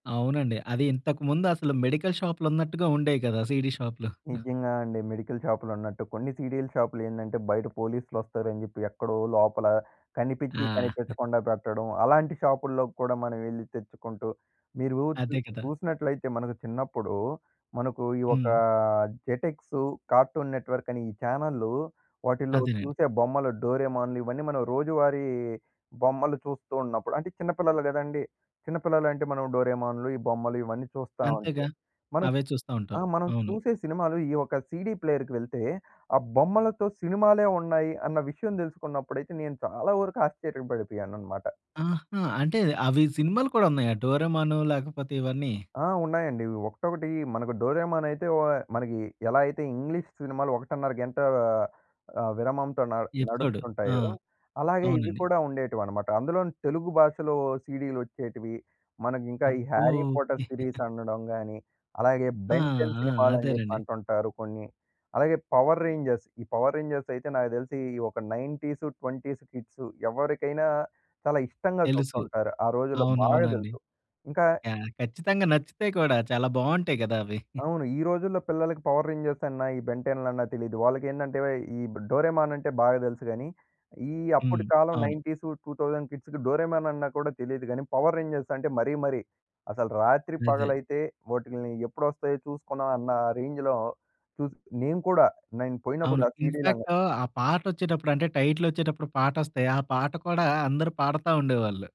అవునండి. అది ఇంతకు ముందసలు మెడికల్ షాప్‌లున్నట్టుగా ఉండేవి కదా! సీడీ షాప్‌లు. నిజంగా అండి. మెడికల్ షాప్‌‌లున్నట్టు, కొన్ని సీడీల షాపులేందంటే, బయట పోలీస్‌లు వొస్తారని చెప్పి, ఎక్కడో లోపల కనిపించి, ఆ! కనిపించకుండా పెట్టడం. అలాంటి షాపుల్లో కూడా మనం ఎళ్లి తెచ్చుకుంటూ, మీరు చు అదే కదా! చూసినట్లయితే మనకు చిన్నప్పుడు మనకు ఈ ఒక హ్మ్. జెటెక్సు, కార్టూన్ నెట్‌వర్క్ అని ఈ చానెల్‌లు, వాటిలో అదేనండి. చూసే బొమ్మలు, డోరేమోన్‌లు, ఇయన్నీ మనం రోజువారీ బొమ్మలు చూస్తున్నప్పుడు అంటే, చిన్నపిల్లలు కదండీ! చిన్నపిల్లలు అంటే, మనం డోరేమోన్‌లు, ఈ బొమ్మలు ఇవన్నీ చూస్తావుంటే, అంతేగా! మనం అవే ఆ! చూస్తావుంటాం. మనం అవును. చూసే సినిమాలు ఈ ఒక సీడీ ప్లేయర్‌కెళ్తే ,ఆ బొమ్మలతో సినిమాలే ఉన్నాయి, అన్న విషయం తెలుసుకున్నప్పుడైతే నేను చాలా వరకు ఆశ్చర్యపడిపోయానన్నమాట! ఆహా! అంటే, అవి సినిమాలు కూడా ఉన్నాయ? డోరేమోను లేకపోతే ఇవన్ని? ఆ! ఉన్నాయండి. ఒకటొకటి మనకు 'డోరేమోన్' అయితే వ మనకి ఎలా అయితే ఇంగ్లీష్ సినిమాలు 1:30 గంట ఆహ్, విరామంతో న ఎపిసోడు. ఆ! నడుస్తుంటాయో, అలాగే ఇవి అవునండి. కూడా ఉండేటివన్నమాట. అందులోను తెలుగు భాషలో సీడీలు వొచ్చేటివి. మనకి ఇంకా ఈ అబ్బో 'హ్యారీ ఓకే. పోటర్' సీరీస్ అనడం గాని, అలాగే ఆ! 'బెన్ టెన్' ఆ! సినిమాలని చెప్పి అదేనండి. అంటుంటారు కొన్ని. అలాగే 'పవర్ రేంజర్స్' ఈ 'పవర్ రేంజర్స్' అయితే నాకు తెలిసి ఈ ఒక 19స్, 20స్ కిడ్స్ ఎవరికైనా చాలా ఇష్టంగా తెలుసు. చూస్తుంటారు. ఆ రోజుల్లో బాగా అవునవునండి. తెలుసు. ఇంకా ఖ ఖచ్చితంగా నచ్చుతాయి కూడా, చాలా బావుంటాయి కదా! అవి. అవును. ఈ రోజుల్లో పిల్లలకి 'పవర్ రేంజర్స్' అన్నా, ఈ 'బెన్ టెన్' లన్నా, తెలీదు. వాళ్ళకేందంటే, వే ఈ 'డోరేమోన్' అంటే, బాగా తెలుసు గాని, ఈ హ్మ్. అప్పటి కాలం అవును. 19స్, 2000 కిడ్స్‌కి 'డోరేమోన్' అన్నా కూడా తెలీదు కానీ, 'పవర్ రేంజర్స్' అంటే, మరీ, మరీ అసలు రాత్రి అదే. పగలైతే వాటిల్ని ఎప్పుడొస్తాయో చూసుకున్నాం అన్న రేంజ్‌లో చూసి నేను కూడా నేను అవును. పోయినప్పుడు ఆ సీడీలు అని ఇన్‌ఫాక్ట్ ఆ పాట వొచ్చేటప్పుడు అంటే, టైటిల్ వొచ్చేటప్పుడు పాటొస్తే, ఆ పాట కూడా అందరూ పాడతావుండేవాళ్ళు.